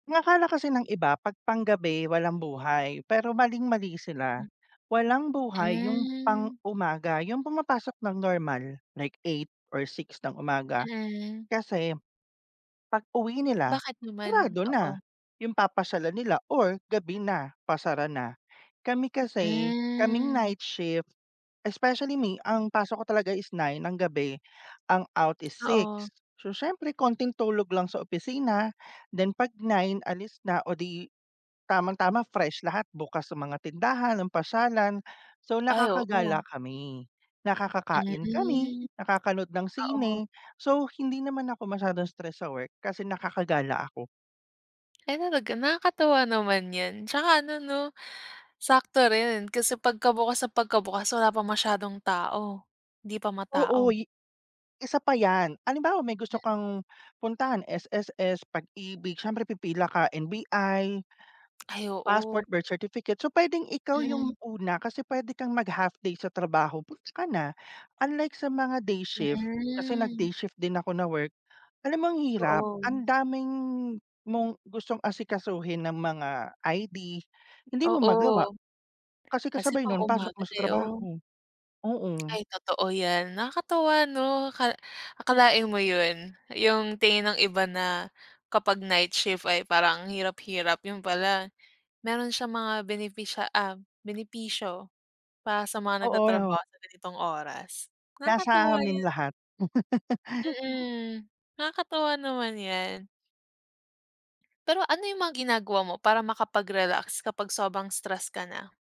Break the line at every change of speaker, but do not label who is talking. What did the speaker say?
Ang akala kasi ng iba, 'pag panggabi walang buhay pero maling mali sila.
Hmm
Walang buhay yung
Hmm.
pang-umaga, yung pumapasok nang normal like 8 or 6 ng umaga,
Mm.
kasi, pag-uwi nila,
Bakit naman?
sarado na,
Oo.
yung papasyalan nila or gabi na, pasara na. Kami kasi, kaming
Hmm.
night shift, especially me, ang pasok ko talaga is 9 ng gabi ang out is 6.
Oo.
So siyempre, konting tulog lang sa opisina, then 'pag 9 alis na o ‘di tamang tama, fresh lahat bukas ang mga tindahan, ang pasyalan. So
Ay, oo.
nakakagala kami, nakakakain kami,
Mm,
nakakanood ng
oo.
sine, so hindi naman ako masyadong stress sa work kasi nakakagala ako.
Ay talaga, nakakatuwa naman 'yan. Tsaka ano ‘no, sakto rin kasi pagkabukas na pagkabukas, wala pang masyadong tao. ‘Di pa matao.
Oo, i isa pa 'yan. Halimbawa may
Hmm.
gusto kang puntahan, SSS, Pag-IBIG, siyempre pipila ka, NBI
Ay, oo.
passport, birth certificate, so pwedeng ikaw
Hmm.
yung una kasi pwede kang mag-half day sa trabaho, goods ka na. Unlike sa mga day shift, kasi
Hmm.
nag-day shift din ako na work, alam mo ang hirap. Ang
Doon.
daming mong gustong asikasuhin na mga ID, hindi mo
Oo.
magawa, kasi
Kasi
kasabay nun, pasok
pang-umaga
mo sa
kayo.
trabaho, oh.
Ay, totoo 'yan. Nakakatuwa ‘no, aka akalain mo ‘yon, yung tingin ng iba na kapag night shift ay parang ang hirap hirap, yun pala meron siyang mga benepisya um, benepisyo, para sa mga
Oo,
nagtatrabaho
‘no.
sa ganitong oras.
Nasa
Nakakatuwa
amin
'yan.
lahat.
Mm, nakakatuwa naman 'yan. Pero ano yung mga ginagawa mo para makapag-relax kapag sobrang stress ka na?